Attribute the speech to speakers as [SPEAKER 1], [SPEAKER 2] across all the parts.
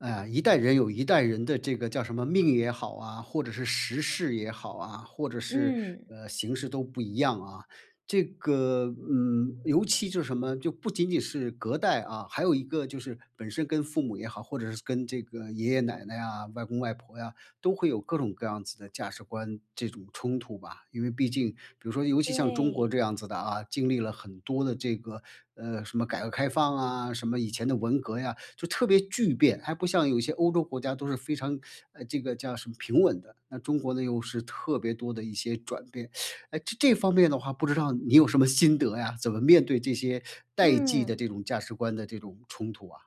[SPEAKER 1] 嗯，一代人有一代人的这个，叫什么命也好啊，或者是时势也好啊，或者是，
[SPEAKER 2] 嗯。
[SPEAKER 1] 呃，形势都不一样啊。这个，嗯，尤其就是什么，就不仅仅是隔代，啊，还有一个就是本身跟父母也好，或者是跟这个爷爷奶奶啊、外公外婆呀，都会有各种各样子的价值观这种冲突吧。因为毕竟比如说尤其像中国
[SPEAKER 2] 对。
[SPEAKER 1] 这样子的啊，经历了很多的这个，呃，什么改革开放啊，什么以前的文革呀，就特别巨变。还不像有些欧洲国家都是非常，呃，这个叫什么，平稳的。那中国呢，又是特别多的一些转变。诶，这-这方面的话不知道你有什么心得呀？怎么面对这些代际的
[SPEAKER 2] 嗯。
[SPEAKER 1] 这种价值观的这种冲突啊？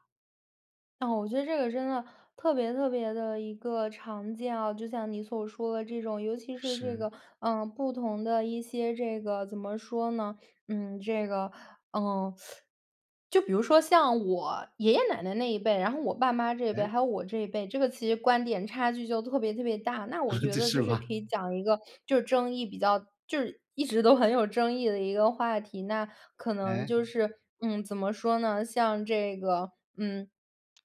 [SPEAKER 2] 哦，我觉得这个真的特别特别地一个常见啊，就像你所说的这种。尤其是这个，
[SPEAKER 1] 是。
[SPEAKER 2] 呃，不同的一些这个，怎么说呢，嗯，这个，嗯，就比如说像我爷爷奶奶那一辈，然后我爸妈这一辈，
[SPEAKER 1] 诶？
[SPEAKER 2] 还有我这一辈，这个其实观点差距就特别特别大。那我 觉
[SPEAKER 1] 这
[SPEAKER 2] 得就
[SPEAKER 1] 是
[SPEAKER 2] 是
[SPEAKER 1] 吧？
[SPEAKER 2] 可以讲一个就是争议比较就是一直都很有争议的一个话题。那可能
[SPEAKER 1] 诶？
[SPEAKER 2] 就是，嗯，怎么说呢，像这个，嗯，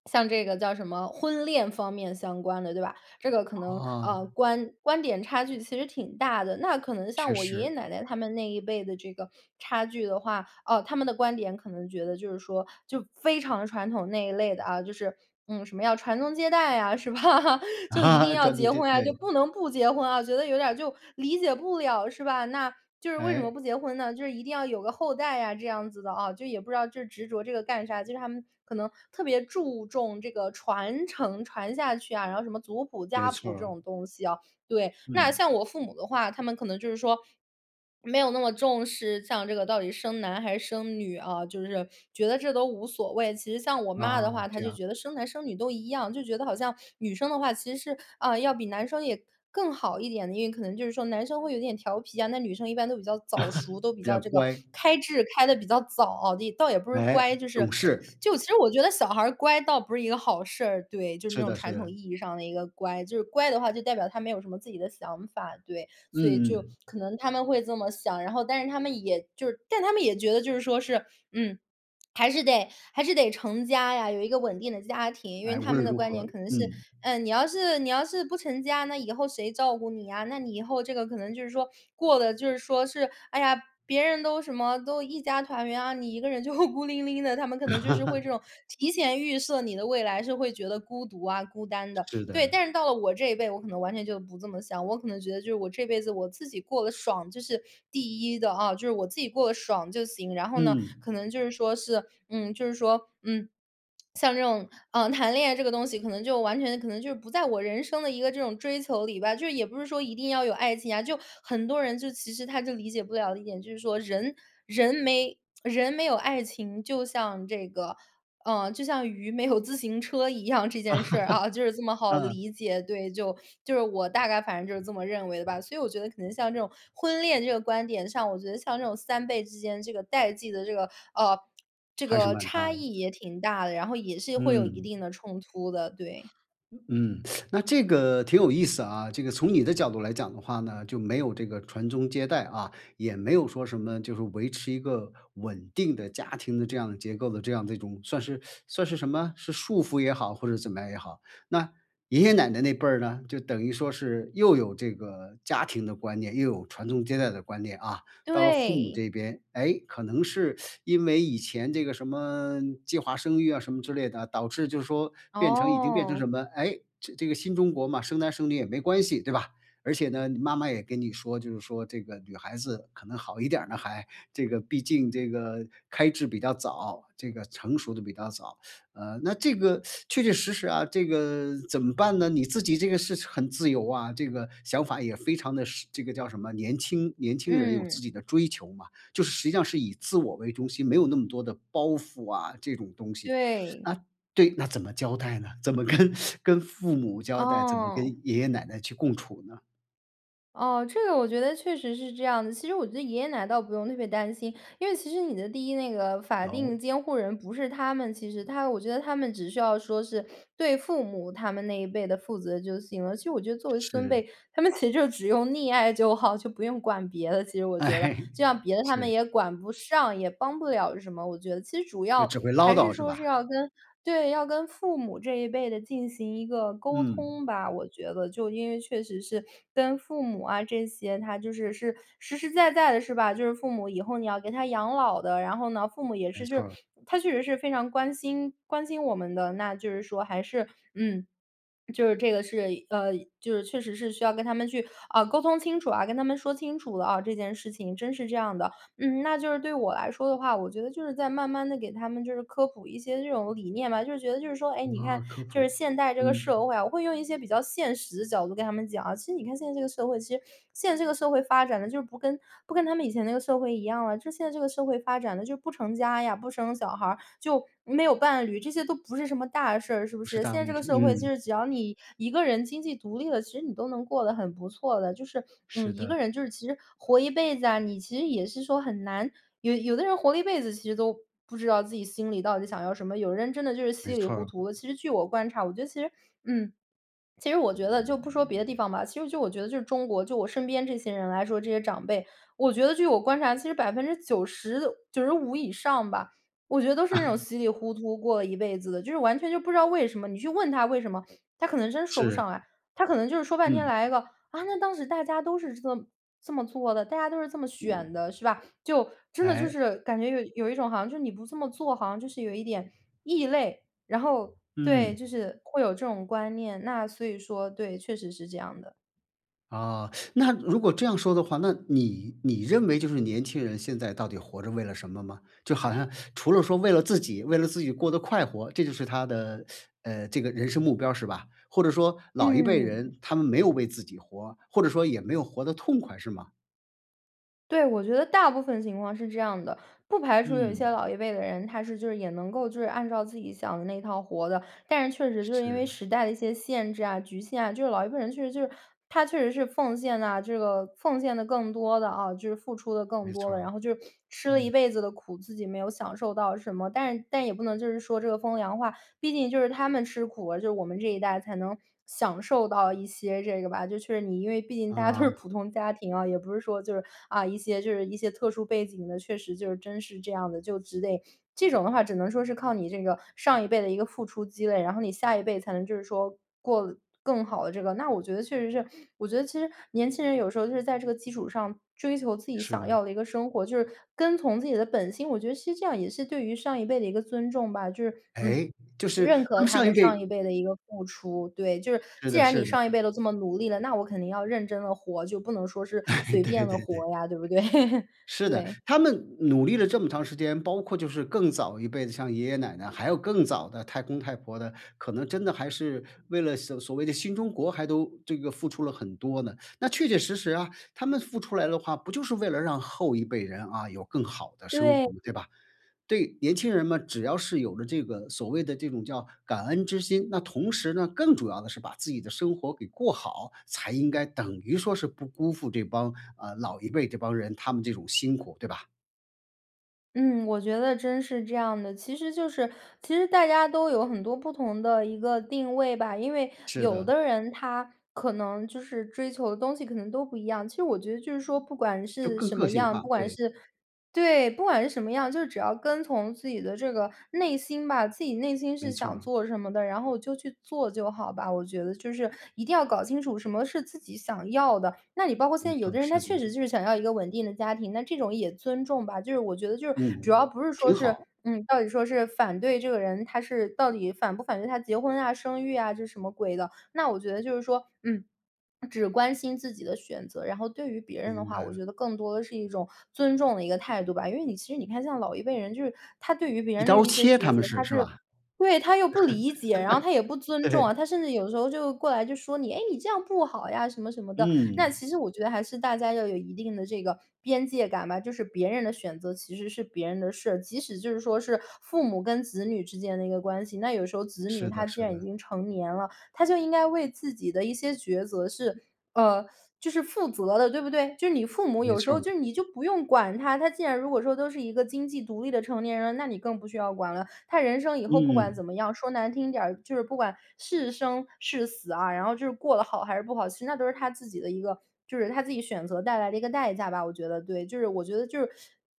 [SPEAKER 2] 像这个叫什么婚恋方面相关的对吧，这个可能，
[SPEAKER 1] 啊。
[SPEAKER 2] 呃，观观点差距其实挺大的。那可能
[SPEAKER 1] 确
[SPEAKER 2] 像我爷爷
[SPEAKER 1] 实。
[SPEAKER 2] 奶奶他们那一辈的这个差距的话，啊，他们的观点可能觉得就是说，就非常传统那一类的啊，就是，嗯，什么要传宗接代啊，是吧？就一定
[SPEAKER 1] 啊，
[SPEAKER 2] 要
[SPEAKER 1] 传宗
[SPEAKER 2] 结
[SPEAKER 1] 接
[SPEAKER 2] 婚啊，就
[SPEAKER 1] 对。
[SPEAKER 2] 不能不结婚啊，觉得有点儿就理解不了是吧？那就是为什么
[SPEAKER 1] 诶？
[SPEAKER 2] 不结婚呢？就是一定要有个后代啊，这样子的哦，就也不知道这执着这个干啥？就是他们可能特别注重这个传承，传下去啊，然后什么族谱、
[SPEAKER 1] 没
[SPEAKER 2] 家谱
[SPEAKER 1] 错
[SPEAKER 2] 这
[SPEAKER 1] 儿。
[SPEAKER 2] 种东西啊，对。那
[SPEAKER 1] 嗯。
[SPEAKER 2] 像我父母的话，他们可能就是说，没有那么重视，像这个到底生男还是生女，啊，就是觉得这都无所谓。其实像我妈
[SPEAKER 1] 啊，
[SPEAKER 2] 的话，她
[SPEAKER 1] 这
[SPEAKER 2] 就
[SPEAKER 1] 样。
[SPEAKER 2] 觉得生男生女都一样，就觉得好像女生的话，其实是，啊，要比男生也更好一点的。因为可能就是说男生会有点调皮啊，那女生一般都比较早熟，都比
[SPEAKER 1] 比
[SPEAKER 2] 较
[SPEAKER 1] 较
[SPEAKER 2] 这个
[SPEAKER 1] 乖。
[SPEAKER 2] 开智开得比较早哦。倒也不是
[SPEAKER 1] 诶？
[SPEAKER 2] 乖，就是
[SPEAKER 1] 懂事。
[SPEAKER 2] 就其实我觉得小孩儿乖倒不是一个好事儿，对，就是那
[SPEAKER 1] 是
[SPEAKER 2] 种
[SPEAKER 1] 的，是
[SPEAKER 2] 传统意
[SPEAKER 1] 的。
[SPEAKER 2] 义上的一个乖。就是乖的话，就代表他没有什么自己的想法，对。所以
[SPEAKER 1] 嗯
[SPEAKER 2] 就
[SPEAKER 1] 嗯。
[SPEAKER 2] 可能他们会这么想。然后，但是他们也就是但他们也觉得就是说是，嗯，还是得，还是得成家呀，有一个稳定的家庭。因为
[SPEAKER 1] 哎，无
[SPEAKER 2] 他们
[SPEAKER 1] 论
[SPEAKER 2] 的
[SPEAKER 1] 如
[SPEAKER 2] 观点
[SPEAKER 1] 何
[SPEAKER 2] 可能是，
[SPEAKER 1] 嗯。
[SPEAKER 2] 嗯，你要是，你要是不成家，那以后谁照顾你呀？那你以后这个可能就是说，过得就是说是，哎呀，别人都什么，都一家团圆啊，你一个人就孤零零的。他们可能就是会这 种提前预设你的未来，是会觉得孤独啊、孤单的。
[SPEAKER 1] 是
[SPEAKER 2] 对，
[SPEAKER 1] 的。
[SPEAKER 2] 但是到了我这一辈，我可能完全就不这么想。我可能觉得就是我这辈子我自己过得爽，这是第1的，哦，就是我自己过得爽就行。然后呢，
[SPEAKER 1] 嗯。
[SPEAKER 2] 可能就是说是，嗯，就是说，嗯，像这种，呃，谈恋爱这个东西，可能就完全可能就是不在我人生的一个这种追求里吧，就是也不是说一定要有爱情啊。就很多人就其实他就理解不了的一点就是说人，人没人没有爱情，就像这个，呃，就像鱼没有自行车一样，这件事儿，啊，就是这 么好
[SPEAKER 1] 啊。
[SPEAKER 2] 理解，对。就，就是我大概反正就是这么认为的吧。所以我觉得可能像这种婚恋这个观点上，我觉得像这种3辈之间这个代际的这个，啊，这
[SPEAKER 1] 还是
[SPEAKER 2] 个
[SPEAKER 1] 蛮
[SPEAKER 2] 差
[SPEAKER 1] 大。
[SPEAKER 2] 异也挺大的，然后也是会有一
[SPEAKER 1] 嗯。
[SPEAKER 2] 定的冲突的，对。
[SPEAKER 1] 嗯，那这个挺有意思啊。这个从你的角度来讲的话呢，就没有这个传宗接代，啊，也没有说什么，就是维持一个稳定的家庭的这样的结构的这样的一种算是 算是什么？是束缚也好，或者怎么样也好。那爷爷奶奶那辈儿呢，就等于说是又有这个家庭的观念，又有传宗接代的观念，啊。到了父母
[SPEAKER 2] 对。
[SPEAKER 1] 这边，诶，可能是 因为以前这个什么，计划生育啊什么之类的，导致就是说，变成已经变成
[SPEAKER 2] 哦。
[SPEAKER 1] 什么，诶，这这个新中国嘛，生男生女也没关系，对吧？而且呢，你妈妈也跟你说，就是说这个女孩子可能好一点儿呢还，这个，毕竟这个开智比较早，这个成熟得比较早。呃，那这个，确确实实啊，这个怎么办呢？你自己这个是很自由啊，这个想法也非常地时这个叫什么，年轻，年轻人有
[SPEAKER 2] 嗯。
[SPEAKER 1] 自己的追求嘛。就是实际上是以自我为中心，没有那么多的包袱啊这种东西。啊，
[SPEAKER 2] 对。
[SPEAKER 1] 对那怎么交代呢？怎么跟 跟父母交代，怎么跟
[SPEAKER 2] 嗯。
[SPEAKER 1] 爷爷奶奶去共处呢？
[SPEAKER 2] 哦，这个我觉得确实是这样的，其实我觉得爷爷奶倒不用特别担心。因为其实你的第1那个法
[SPEAKER 1] 哦？
[SPEAKER 2] 定监护人不是他们其实。他我觉得他们只需要说是，对父母他们那一辈的负责就行了。其实我觉得作为孙
[SPEAKER 1] 是。
[SPEAKER 2] 辈，他们其实就只用溺爱就好，就不用管别的，其实我觉得。
[SPEAKER 1] 哎，
[SPEAKER 2] 这样别的他们
[SPEAKER 1] 是。
[SPEAKER 2] 也管不上，也帮不了什么，我觉得。其实主
[SPEAKER 1] 就
[SPEAKER 2] 要，
[SPEAKER 1] 只会唠
[SPEAKER 2] 还是
[SPEAKER 1] 叨，是
[SPEAKER 2] 说是
[SPEAKER 1] 吧？
[SPEAKER 2] 要跟对，要跟父母这一辈的进行一个沟
[SPEAKER 1] 嗯。
[SPEAKER 2] 通吧。我觉得就因为确实是跟父母啊这些，他就是，是实实在在的，是吧？就是父母以后你要给他养老的。然后呢，父母也
[SPEAKER 1] 没
[SPEAKER 2] 是就
[SPEAKER 1] 错
[SPEAKER 2] 是
[SPEAKER 1] 儿。
[SPEAKER 2] 他确实是非常关心关心我们的，那就是说还是嗯，就是这个是，呃，就是确实是需要跟他们去，啊，沟通清楚啊，跟他们说清楚了啊，这件事情真是这样的。嗯，那就是对我来说的话，我觉得就是在慢慢地，给他们就是科普一些这种理念吧，就是觉得就是说，哎，你
[SPEAKER 1] 啊，
[SPEAKER 2] 看
[SPEAKER 1] 科
[SPEAKER 2] 就是
[SPEAKER 1] 普，
[SPEAKER 2] 现代这个
[SPEAKER 1] 嗯。
[SPEAKER 2] 社会啊，我会用一些比较现实的角度跟他们讲。其实你看现在这个社会其实现在这个社会发展得，就是不跟不跟他们以前那个社会一样啊。就现在这个社会发展的就不成家呀，不生小孩儿，就没有伴侣，这些都不是什么大事儿，是不
[SPEAKER 1] 不是
[SPEAKER 2] 是？
[SPEAKER 1] 大
[SPEAKER 2] 现在
[SPEAKER 1] 问
[SPEAKER 2] 这个
[SPEAKER 1] 题，
[SPEAKER 2] 社会，就
[SPEAKER 1] 嗯。
[SPEAKER 2] 是只要你一个人经济独立了，其实你都能过得很不错的。就是，
[SPEAKER 1] 是
[SPEAKER 2] 嗯，一
[SPEAKER 1] 的。
[SPEAKER 2] 个人就是其实活一辈子啊，你其实也是说很难有有的人活一辈子，其实都不知道自己心里到底想要什么，有人真的就是
[SPEAKER 1] 没
[SPEAKER 2] 稀里
[SPEAKER 1] 错
[SPEAKER 2] 糊
[SPEAKER 1] 儿。
[SPEAKER 2] 涂的。其实据我观察，我觉得其实嗯，其实我觉得就不说别的地方吧，其实就我觉得就是中国，就我身边这些人来说，这些长辈，我觉得据我观察，其实90%的95以上吧，我觉得都是那种 稀里糊涂过了一辈子的。就是完全就不知道为什么，你去问他为什么，他可能真说不
[SPEAKER 1] 是。
[SPEAKER 2] 上来。他可能就是说半天
[SPEAKER 1] 嗯。
[SPEAKER 2] 来一个：“啊，那当时大家都是这么这么做的，大家都是这么选的。”是吧？就真的就
[SPEAKER 1] 哎？
[SPEAKER 2] 是，感觉有有一种好像就是你不这么做，好像就是有一点异类。然后，
[SPEAKER 1] 嗯。
[SPEAKER 2] 对，就是会有这种观念。那所以说，对，确实是这样的。
[SPEAKER 1] 啊，那如果这样说的话，那你，你认为就是年轻人现在到底活着为了什么吗？就好像除了说为了自己，为了自己过得快活，这就是他的，呃，这个人生目标儿是吧？或者说老一辈
[SPEAKER 2] 嗯。
[SPEAKER 1] 人他们没有为自己活，或者说也没有活得痛快，是吗？
[SPEAKER 2] 对，我觉得大部分情况是这样的，不排除有一些
[SPEAKER 1] 嗯。
[SPEAKER 2] 老一辈的人，他是就是也能够就是按照自己想的那套活的。但是确实就是因为
[SPEAKER 1] 是。
[SPEAKER 2] 时代的一些限制啊、局限啊，就是老一辈人确实就是他确实是奉献啊，这个奉献得更多的，啊，就是付出得更
[SPEAKER 1] 没
[SPEAKER 2] 多
[SPEAKER 1] 错
[SPEAKER 2] 的，
[SPEAKER 1] 儿，
[SPEAKER 2] 然后就是吃了一
[SPEAKER 1] 嗯。
[SPEAKER 2] 辈子的苦，自己没有享受到什么。但是但也不能就是说这个风凉话，毕竟就是他们吃苦，就是我们这一代才能享受到一些这个吧，就确实你因为毕竟大家都是
[SPEAKER 1] 啊。
[SPEAKER 2] 普通家庭啊，也不是说就是，啊，一些就是一些特殊背景的，确实就是真是这样的，就之类。这种的话，只能说是靠你这个上一辈的一个付出积累，然后你下一辈才能就是说过得更好的这个。那我觉得确实是我觉得其实年轻人有时候就是在这个基础上，追求自己
[SPEAKER 1] 是
[SPEAKER 2] 想
[SPEAKER 1] 的。
[SPEAKER 2] 要的一个生活，就是跟从自己的本心，我觉得其实这样也是对于上一辈的一个尊重吧，就是，嗯，
[SPEAKER 1] 哎，就是
[SPEAKER 2] 认
[SPEAKER 1] 他
[SPEAKER 2] 可
[SPEAKER 1] 们
[SPEAKER 2] 他
[SPEAKER 1] 上一
[SPEAKER 2] 们
[SPEAKER 1] 辈
[SPEAKER 2] 上一辈的一个付出。对，就是
[SPEAKER 1] 是，是
[SPEAKER 2] 既
[SPEAKER 1] 的，
[SPEAKER 2] 然
[SPEAKER 1] 是
[SPEAKER 2] 你上
[SPEAKER 1] 的。
[SPEAKER 2] 一辈都这么努力了，那我肯定要认真地活，就不能说是 随
[SPEAKER 1] 对
[SPEAKER 2] 便地
[SPEAKER 1] 对对。
[SPEAKER 2] 活呀，对不对？
[SPEAKER 1] 是的，
[SPEAKER 2] 对。
[SPEAKER 1] 他们努力了这么长时间，包括就是更早一辈子的，像爷爷奶奶，还有更早的太公太婆的，可能真的还是为了所所谓的新中国还都这个付出了很多呢。那确确实实啊，他们付出来的话，不就是为了让后一辈人，啊，有更好的生活吗？
[SPEAKER 2] 对。
[SPEAKER 1] 对吧？对，年轻人嘛，只要是有了这个，所谓的这种叫感恩之心，那同时呢，更主要的是把自己的生活给过好，才应该等于说是不辜负这帮，呃，老一辈这帮人，他们这种辛苦，对吧？
[SPEAKER 2] 嗯，我觉得真是这样的，其实就是其实大家都有很多不同的一个定位吧。因为
[SPEAKER 1] 是
[SPEAKER 2] 有
[SPEAKER 1] 的。
[SPEAKER 2] 的人他，可能就是追求的东西可能都不一样，其实我觉得就是说不管
[SPEAKER 1] 就
[SPEAKER 2] 是
[SPEAKER 1] 更
[SPEAKER 2] 什
[SPEAKER 1] 个
[SPEAKER 2] 么
[SPEAKER 1] 性
[SPEAKER 2] 样，
[SPEAKER 1] 化，
[SPEAKER 2] 不管
[SPEAKER 1] 对。
[SPEAKER 2] 是对，不管是什么样，就只要跟从自己的这个内心吧，自己内心是
[SPEAKER 1] 没错
[SPEAKER 2] 想
[SPEAKER 1] 儿。
[SPEAKER 2] 做什么的，然后就去做就好吧，我觉得就是一定要搞清楚什么是自己想要的。那你包括现
[SPEAKER 1] 没
[SPEAKER 2] 在有
[SPEAKER 1] 错儿，
[SPEAKER 2] 的人，他
[SPEAKER 1] 是的，
[SPEAKER 2] 确实
[SPEAKER 1] 嗯。
[SPEAKER 2] 就是想要一个稳定的家庭，那这种也尊重吧，就是我觉得就是主
[SPEAKER 1] 嗯，
[SPEAKER 2] 要不是说
[SPEAKER 1] 挺
[SPEAKER 2] 是
[SPEAKER 1] 好。
[SPEAKER 2] 嗯，到底说是反对这个人，他是到底反不反对他结婚啊、生育啊就是什么鬼的。那我觉得就是说，嗯，只关心自己的选择，然后对于别人的
[SPEAKER 1] 明
[SPEAKER 2] 话，
[SPEAKER 1] 白
[SPEAKER 2] 我
[SPEAKER 1] 了。
[SPEAKER 2] 觉得更多的是一种尊重的一个态度吧。因为你其实你看像老一辈人就是，他对于别
[SPEAKER 1] 一
[SPEAKER 2] 人
[SPEAKER 1] 刀
[SPEAKER 2] 的
[SPEAKER 1] 儿
[SPEAKER 2] 一些
[SPEAKER 1] 切，
[SPEAKER 2] 抉
[SPEAKER 1] 他们
[SPEAKER 2] 择，
[SPEAKER 1] 是，
[SPEAKER 2] 他
[SPEAKER 1] 是
[SPEAKER 2] 就是
[SPEAKER 1] 吧？
[SPEAKER 2] 对，他又不理解，然后他也不 尊重
[SPEAKER 1] 对。
[SPEAKER 2] 啊，他甚至有的时候就过来就说你：“诶，你这样不好呀”，什么，什么的。那
[SPEAKER 1] 嗯。
[SPEAKER 2] 其实我觉得，还是大家要有一定的这个边界感吧，就是别人的选择其实是别人的事儿。即使就是说是，父母跟子女之间的一个关系，那有时候子女
[SPEAKER 1] 是
[SPEAKER 2] 他
[SPEAKER 1] 的，
[SPEAKER 2] 既
[SPEAKER 1] 是
[SPEAKER 2] 然已
[SPEAKER 1] 的。
[SPEAKER 2] 经成年了，他就应该为自己的一些抉择是呃，就是负责的，对不对？就是你父母
[SPEAKER 1] 没
[SPEAKER 2] 有时
[SPEAKER 1] 错
[SPEAKER 2] 候
[SPEAKER 1] 儿。
[SPEAKER 2] 就你就不用管他，他既然如果说都是一个经济独立的成年人了，那你更不需要管了。他人生以后不管
[SPEAKER 1] 嗯。
[SPEAKER 2] 怎么样，说难听点儿，就是不管是生、是死啊，然后就是过得好，还是不好，其实那都是他自己的一个就是他自己选择带来的一个代价吧，我觉得，对。就是我觉得就是，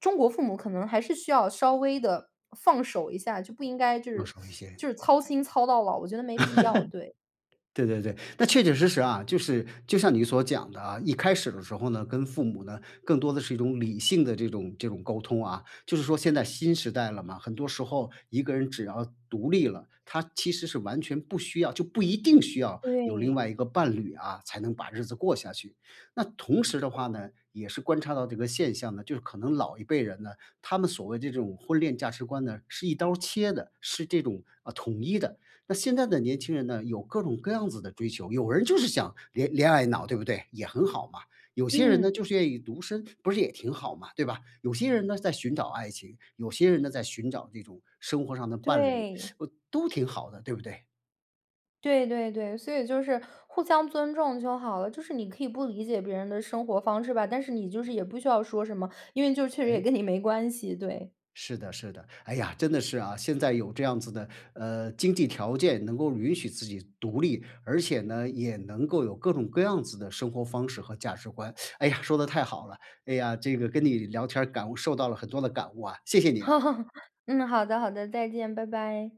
[SPEAKER 2] 中国父母可能还是需要稍微地，放手一下，就不应该就
[SPEAKER 1] 用
[SPEAKER 2] 是
[SPEAKER 1] 少一 些。
[SPEAKER 2] 就是操心操到老，我觉得没必要，对。
[SPEAKER 1] 对对对，那确确实实啊，就是，就像你所讲的啊，一开始的时候呢，跟父母呢，更多的是一种理性的这种这种沟通啊。就是说现在新时代了嘛，很多时候一个人只要独立了，他其实是完全不需要就不一定需要有另
[SPEAKER 2] 对。
[SPEAKER 1] 外一个伴侣啊，才能把日子过下去。那同时的话呢，也是观察到这个现象呢，就是可能老一辈人呢，他们所谓这种婚恋价值观呢，是一刀儿切的，是这种，呃，统一的。那现在的年轻人呢，有各种各样子的追求，有人就是想恋恋爱脑，对不对？也很好嘛。有些人呢，
[SPEAKER 2] 嗯。
[SPEAKER 1] 就是愿意独身，不是也挺好嘛，对吧？有些人呢，在寻找爱情，有些人呢，在寻找这种生活上的伴侣。
[SPEAKER 2] 对。
[SPEAKER 1] 呃，都挺好的，对不对？
[SPEAKER 2] 对对对，所以就是互相尊重就好了，就是你可以不理解别人的生活方式吧，但是你就是也不需要说什么，因为就确实也
[SPEAKER 1] 诶。
[SPEAKER 2] 跟你没关系，对。
[SPEAKER 1] 是的，是的，哎呀，真的是啊，现在有这样子的，呃，经济条件能够允许自己独立。而且呢，也能够有各种各样子的生活方式和价值观，哎呀，说的太好了，哎呀，这个跟你聊天儿感悟受到了很多的感悟啊，谢谢你啊。
[SPEAKER 2] 嗯，好的，好的，再见，拜拜。